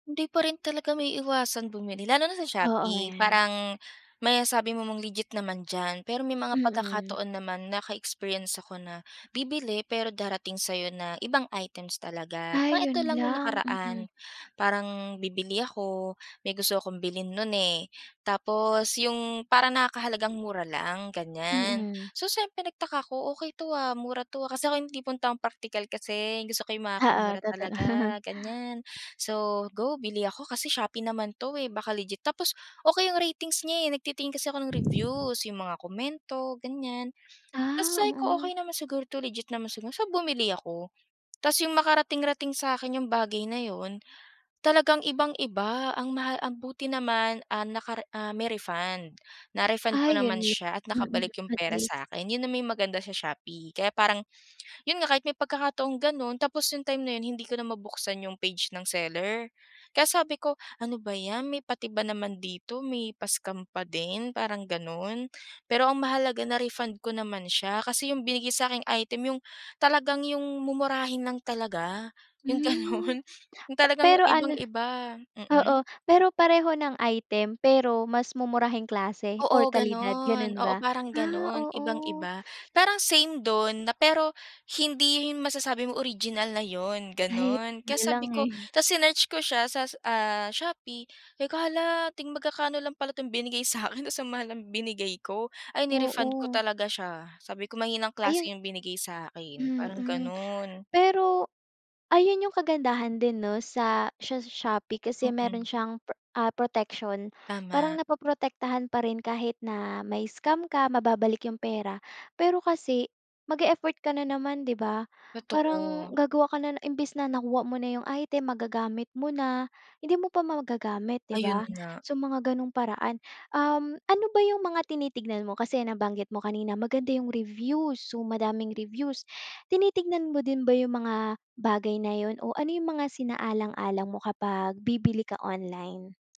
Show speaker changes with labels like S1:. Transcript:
S1: Hindi pa rin talaga maiiwasan bumili, lalo na sa
S2: Oo,
S1: Shopee.
S2: yan.
S1: Parang may sabi mo man, legit naman diyan, pero may mga
S2: Mm.
S1: pagkakataon naman naka-experience ako na bibili, pero darating sa'yo na ibang items talaga. Parang
S2: Ay,
S1: ito
S2: 'yun
S1: lang no'ng
S2: lang.
S1: nakaraan,
S2: Mm.
S1: parang bibili ako, may gusto akong bilhin nun, eh. Tapos 'yung parang nakakahalagang mura lang, ganiyan.
S2: Mm.
S1: So siyempre, nagtaka ako. "Okey 'to, ah, mura 'to, ah," kasi ako 'yung tipong taong praktikal kasi 'yung gusto ko 'yung
S2: Oo,
S1: makakamura
S2: totoo.
S1: talaga, ganiyan. So, go, bili ako kasi Shopee naman 'to eh, baka legit. Tapos, okey 'yung ratings niya, eh, nagtitingin kasi ako ng reviews, 'yung mga komento, ganiyan. Tas
S2: Ah,
S1: say ko,
S2: oo.
S1: "Okey naman siguro 'to, legit naman siguro," so bumili ako. Tas 'yung makarating rating sa'kin 'yung bagay na 'yun, talagang ibang-iba ang maha ang buti naman, ah, nakare ah, may refund. Na-refund
S2: Ah,
S1: ko
S2: 'yun
S1: naman
S2: 'yun.
S1: siya at
S2: Mm,
S1: nakabalik 'yung
S2: at
S1: pera
S2: least.
S1: sa akin. 'Yun na may maganda sa Shopee kaya parang, 'yun nga kahit may pagkakataong gano'n tapos 'yung time na 'yun hindi ko na mabuksan 'yung page ng seller. Kaya sabi ko, "Ano ba ’yan, may pati ba naman dito, may pa scam pa din," parang gano'n. Pero ang mahalaga, na-refund ko naman siya, kasi 'yung binigay sa aking item, 'yung talagang 'yung mumurahin lang talaga, 'yung
S2: Hmm,
S1: gano'n, 'yung
S2: pa
S1: talagang
S2: pero ano
S1: ibang-iba,
S2: oo.
S1: mm.
S2: Pero pareho ng item pero mas mumurahing klase or
S1: Oo,
S2: kalidad
S1: gano'n.
S2: gano'n
S1: Oo,
S2: ba?
S1: parang
S2: Ah,
S1: gano'n,
S2: oo.
S1: ibang-iba, parang same do'n na pero hindi 'yun masasabi mo original na 'yun,
S2: Ay,
S1: gano'n. Kaya
S2: 'yun lang,
S1: sabi ko,
S2: eh.
S1: tas sinearch ko siya sas ah, Shopee, sabi ko, "Hala, ting magkakaano lang pala 'tong binigay sa akin, tas ang mahal ng binigay ko," ay ni-refund ko
S2: Oo.
S1: talaga siya. Sabi ko, "Mahinang klase
S2: Ayun.
S1: 'yung binigay sa akin," parang
S2: Mm,
S1: gano'n.
S2: pero ayun 'yung kagandahan din, no, sa sha Shopee kasi meron
S1: Mm.
S2: siyang, pra ah, protection. Parang
S1: Tama.
S2: naproprotektahan pa rin kahit na mai-scam ka, mababalik 'yung pera. Pero kasi mag-e-effort ka na naman, di ba? Parang
S1: Totoo.
S2: gagawa ka na imbes na nakuha mo na 'yung item, magagamit mo na, hindi mo pa magagamit, di
S1: Ayun
S2: ba,
S1: nga.
S2: so mga gano'ng paraan. Um, ano ba 'yung mga tinitignan mo, kasi nabanggit mo kanina, maganda 'yung reviews, so, madaming reviews, tinitignan mo din ba 'yung mga bagay na 'yun o ano 'yung mga sinaalang-alang mo kapag bibili ka online?